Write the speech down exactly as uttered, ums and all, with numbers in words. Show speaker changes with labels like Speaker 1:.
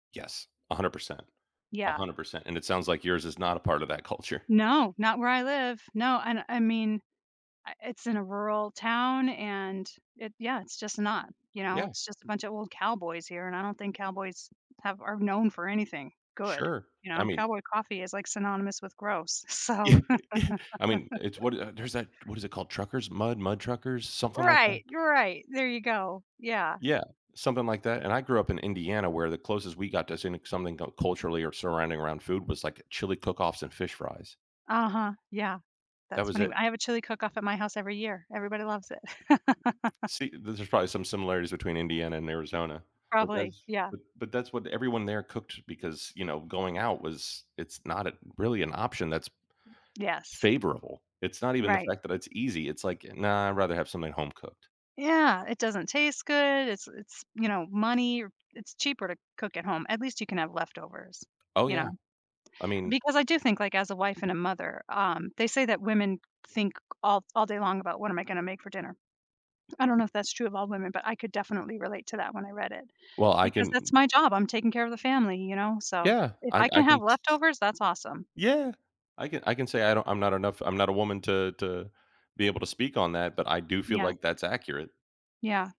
Speaker 1: Yes, a hundred percent, a
Speaker 2: Yeah.
Speaker 1: hundred percent, and it sounds, like, yours is not a part of that culture.
Speaker 2: No, not where I live. No, and I mean, uh, it's in a rural town, and it, yeah, it's, just, not, you know,
Speaker 1: Yeah.
Speaker 2: it's, just, a bunch of old cowboys here, and I don't think cowboys have, are known for anything good,
Speaker 1: Sure.
Speaker 2: you
Speaker 1: I
Speaker 2: know,
Speaker 1: mean
Speaker 2: cowboy coffee is, like, synonymous with gross, so
Speaker 1: I mean, it's what, uh, there's that, what is it called, truckers, mud mud truckers, something like that?
Speaker 2: Right, you're right. There you go, yeah.
Speaker 1: Yeah, something like that, and I grew up in Indiana where the closest we got to seeing something cu culturally or surrounding around food was, like, chili cook-offs and fish fries.
Speaker 2: Uh-huh, yeah,
Speaker 1: That
Speaker 2: that's
Speaker 1: was
Speaker 2: funny.
Speaker 1: it.
Speaker 2: I have a chili cook-off at my house every year. Everybody loves it.
Speaker 1: See, there's probably some similarities between Indiana and Arizona, but
Speaker 2: Probably,
Speaker 1: that's
Speaker 2: yeah.
Speaker 1: but but that's what everyone there cooked because, you know, going out was it's not a really an option that's
Speaker 2: Yes.
Speaker 1: favorable. It's not even the
Speaker 2: Right.
Speaker 1: fact that it's easy. It's like, "Nah, I'd rather have something home cooked."
Speaker 2: Yeah, it doesn't taste good. It's it's, you know, money, it's cheaper to cook at home, at least you can have leftovers,
Speaker 1: Oh
Speaker 2: you know,
Speaker 1: yeah. I mean
Speaker 2: because I do think, like, as a wife and a mother, um, they say that women think all all day long about what am I gonna make for dinner. I don't know if that's true of all women, but I could definitely relate to that when I read it
Speaker 1: Well, I
Speaker 2: because
Speaker 1: can
Speaker 2: that's my job. I'm taking care of the family, you know, so
Speaker 1: Yeah,
Speaker 2: if
Speaker 1: I
Speaker 2: I can
Speaker 1: I
Speaker 2: have
Speaker 1: can
Speaker 2: leftovers, that's awesome.
Speaker 1: Yeah, I can I can say I don't I'm not enough I'm not a woman to to be able to speak on that, but I do feel,
Speaker 2: Yeah.
Speaker 1: like, that's accurate.
Speaker 2: Yeah.